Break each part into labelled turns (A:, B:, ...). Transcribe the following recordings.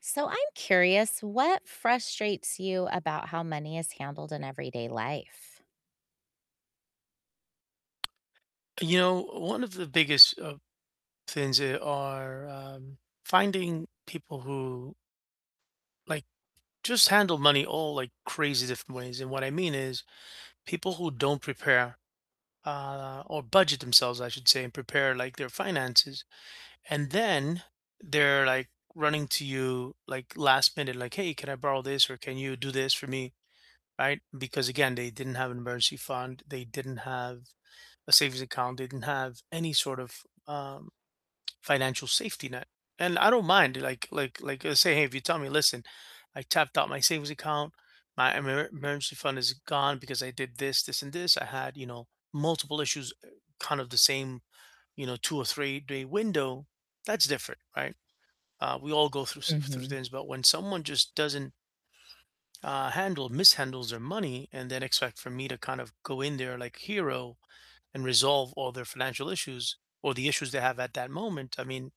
A: So I'm curious, what frustrates you about how money is handled in everyday life?
B: You know, one of the biggest, uh, things that are, um, finding people who like, just handle money all, like, crazy different ways, and what I mean is people who don't prepare uh, or budget themselves, I should say, and prepare, like, their finances, and then they're, like, running to you, like, last minute, like, "Hey, can I borrow this?" or, "Can you do this for me?" Right? Because again, they didn't have an emergency fund, they didn't have a savings account, they didn't have any sort of, um, financial safety net, and I don't mind, like like like just say, hey, if you tell me, "Listen, I tapped out my savings account, my emer emergency fund is gone because I did this, this, and this, I had, you know, multiple issues, eh, kind of the same, you know, 2 or three-day window." That's different, right? Uh, we all go through s through
A: Mhm.
B: things, but when someone just doesn't uh, handle mishandles their money and then expect for me to kind of go in there, like, hero and resolve all their financial issues or the issues they have at that moment, I mean,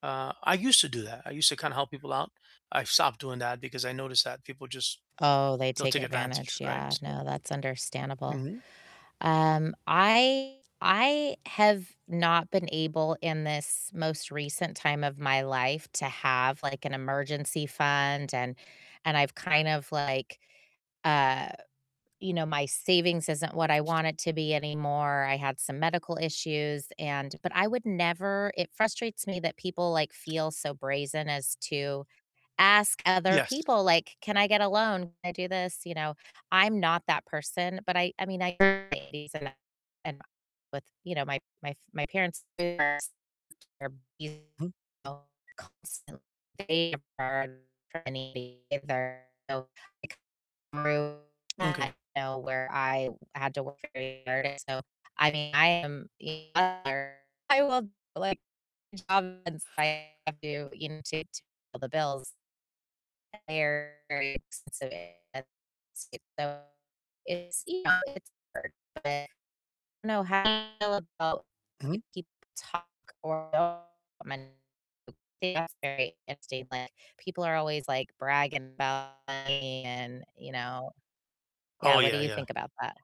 B: uh, I used to do that, I used to kinda help people out, I've stopped doing that because I noticed that people just
A: Oh, they
B: they'll
A: take
B: take advantage,
A: advantage,
B: right?
A: yeah,
B: So
A: no, that's understandable.
B: Mhm.
A: Um, I I have not been able in this most recent time of my life to have, like, an emergency fund and and I've kind of like, uh you know, my savings isn't what I want it to be anymore, I had some medical issues and but I would never it frustrates me that people, like, feel so brazen as to ask other
B: Yes.
A: people, like, "Can I get a loan? Can I do this?" You know? I'm not that person, but I I mean, I [unintelligible] and my with, you know, my my f my parents [unintelligible] are
B: Mhm.
A: constantly [unintelligible] through
B: M'kay.
A: that, you know, where I had to work very hard, and so I mean, I am [unintelligible] I love, like, job since I have to, you know, to to pay the bills. They're very expensive, [unintelligible] so it's you know, it's hard, but I don't know how you feel about when
B: Mhm.
A: people talk or [unintelligible] people are always, like, bragging about money and, you know. Yeah,
B: Oh,
A: what do
B: yeah,
A: you
B: yeah.
A: think about that?